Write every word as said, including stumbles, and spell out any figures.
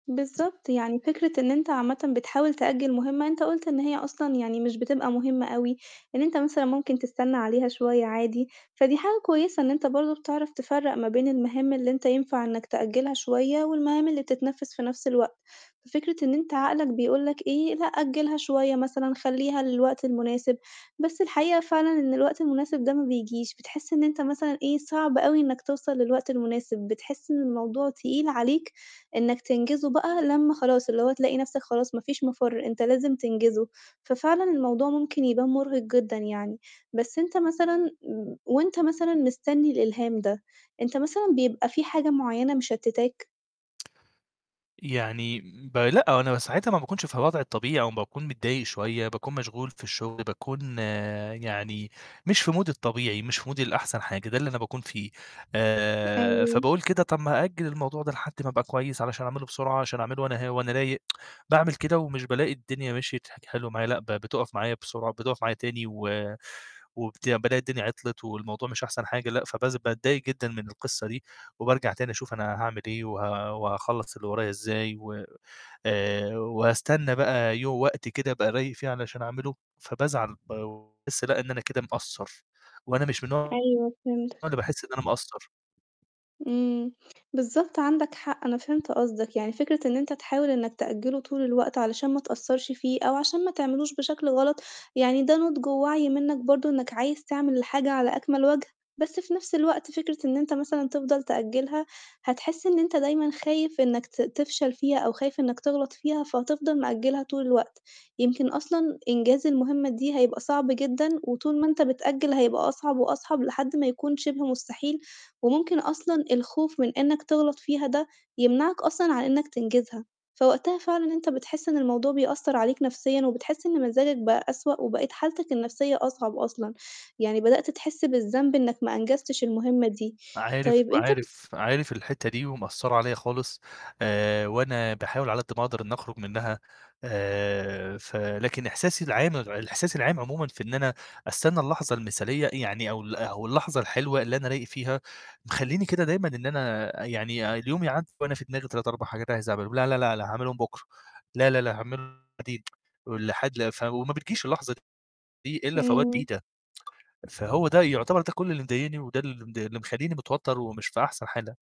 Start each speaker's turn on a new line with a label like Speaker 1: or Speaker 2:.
Speaker 1: بالضبط، يعني فكرة إن أنتَ عامةً بتحاول تأجِّل مُهمة أنتَ قُلت إن هي أصلًا يعني مش بتبقى مُهمة أوي، إن أنتَ مثلًا ممكن تستنَّى عليها شوية عادي. فدي حاجة كويِسة إن أنتَ برضه بتعرف تفرّق ما بين المهام اللي أنتَ ينفَع إنَّك تأجّلها شوية، والمهام اللي بتتنفذ في نفس الوقت. ففكرة إن أنتَ عقلك بيقول لك إيه، لأ أجّلها شوية مثلًا، خلِّيها للوقت المناسب، بس الحقيقة فعلًا إن الوقت المناسب ده ما بييجيش، بتحس إن أنتَ مثلًا إيه، صعب أوي إنَّك توصل للوقت المناسب، بتحس إن الموضوع تقيل عليك إنَّك تنجزه بقى، لمّا خلاص اللي هو تلاقي نفسَك خلاص ما فيش مفر، أنتَ لازِم تنجِزه. ففعلًا الموضوع ممكن يبان مُرهق جدًا يعني. بس أنتَ مثلًا، وأنتَ مثلًا مستنّي الإلهام ده، أنتَ مثلًا بيبقى في حاجة معيَّنة مشتّتاك؟
Speaker 2: يعني ب لأ، هو أنا ساعتها ما باكونش في الوضع الطبيعي، أو ما باكون متضايق شوية، باكون مشغول في الشغل، باكون يعني مش في مودي الطبيعي، مش في مودي الأحسن حاجة، ده اللي أنا باكون فيه. آآ
Speaker 1: أيوه.
Speaker 2: فباقول كده: "طب أأجل الموضوع ده لحد ما أبقى كويس، علشان أعمله بسرعة، عشان أعمله وأنا ه وأنا رايق." باعمل كده ومش بالاقي الدنيا مشيت حل حلو معايا، لأ ب بتقف معايا بسرعة، بتقف معايا تاني. و وبت بالاقي الدنيا عطلت والموضوع مش أحسن حاجة، لأ. فبز باتضايق جدًا من القصة دي، وبارجع تاني أشوف أنا هاعمل إيه، و وهاخلص اللي ورايا إزاي، وآآ، وأستنى بقى يو وقت كده أبقى رايق فيه علشان أعمله. فبازعل وباحس لأ إن أنا كده مقصّر، وأنا مش من النوع
Speaker 1: أيوه،
Speaker 2: اللي
Speaker 1: فهمتك.
Speaker 2: باحس إن أنا مقصّر.
Speaker 1: إمم. بالضبط عندَك حق، أنا فهمت قصدَك. يعني فكرة إن أنت تحاول إنك تأجله طول الوقت علشان ما تقصَّرش فيه، أو عشان ما تعملوش بشكل غلط، يعني ده نُضج ووعي منك برضه، إنك عايز تعمل الحاجة على أكمل وجه. بس في نفس الوقت فكرة إن أنت مثلًا تفضل تأجلها، هتحس إن أنت دايمًا خايف إنك ت تفشل فيها، أو خايف إنك تغلط فيها. فهتفضل مأجلها طول الوقت، يمكن أصلًا إنجاز المهمة دي هيبقى صعب جدًا، وطول ما أنت بتأجل هيبقى أصعب وأصعب لحد ما يكون شبه مستحيل. وممكن أصلًا الخوف من إنك تغلط فيها ده يمنعك أصلًا عن إنك تنجزها. فوقتها فعلًا أنت بتحس إن الموضوع بيأثر عليك نفسيًا، وبتحس إن مزاجك بقى أسوأ، وبقيت حالتك النفسية أصعب أصلًا، يعني بدأت تحس بالذنب إنك ما أنجزتش المهمة دي.
Speaker 2: عارف،
Speaker 1: طيب أنت بت
Speaker 2: عارف، عارف الحتة دي، ومأثرة عليَّا خالص. آآ وأنا باحاول على قد ما أقدر إن أخرج منها. آآ ف لكن إحساسي العام الإحساس العام عمومًا، في إن أنا أستنى اللحظة المثالية يعني، أو ال أو اللحظة الحلوة اللي أنا رايق فيها، مخليني كده دايمًا إن أنا آآ يعني اليوم يعدِّي وأنا في دماغي تلت، أربع حاجات عايز أعملهم، لا لأ لأ لأ هاعملهم بكرة، لا لا لأ هاعملهم بعدين، ولحد ف وما بتجيش اللحظة دي إلا في أوقات
Speaker 1: امم.
Speaker 2: بعيدة. فهو ده يعتبر، ده كل اللي مضايقني، وده اللي مد اللي مخليني متوتر ومش في أحسن حالة.